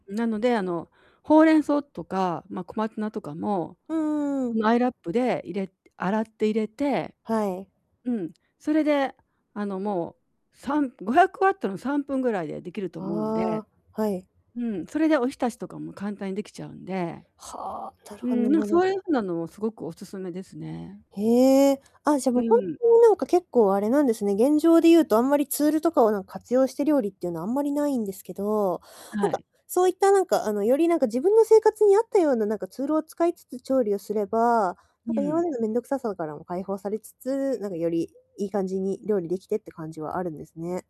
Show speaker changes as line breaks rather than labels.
なのであの、ほうれん草とか、ま、小松菜とかも、
うーん。
んアイラップで入れ洗って入れて。
はい。
うん。それで、あの、もう、3500Wの3分ぐらいでできると思うんで。
ああ、はい。
うん、それでおひたしとかも簡単にできちゃうんで。
はあ、な
うん、
る
なんか
ほ
そ
ど [unintelligible]
ういう風なのをすごくお勧めですね。
へえ、あっ、じゃあ
う
もうほんと
ん。
になんか結構あれなんですね、現状で言うと、あんまりツールとかをなんか活用して料理っていうのはあんまりないんですけど、なん
は
か、
い。
そういったなんかあの、よりなんか自分の生活に合ったようななんかツールを使いつつ調理をすれば、
う
なんか今ま
ん。
での面倒くささからも解放されつつ、なんかより、良い感じに料理できてって感じはあるんですね。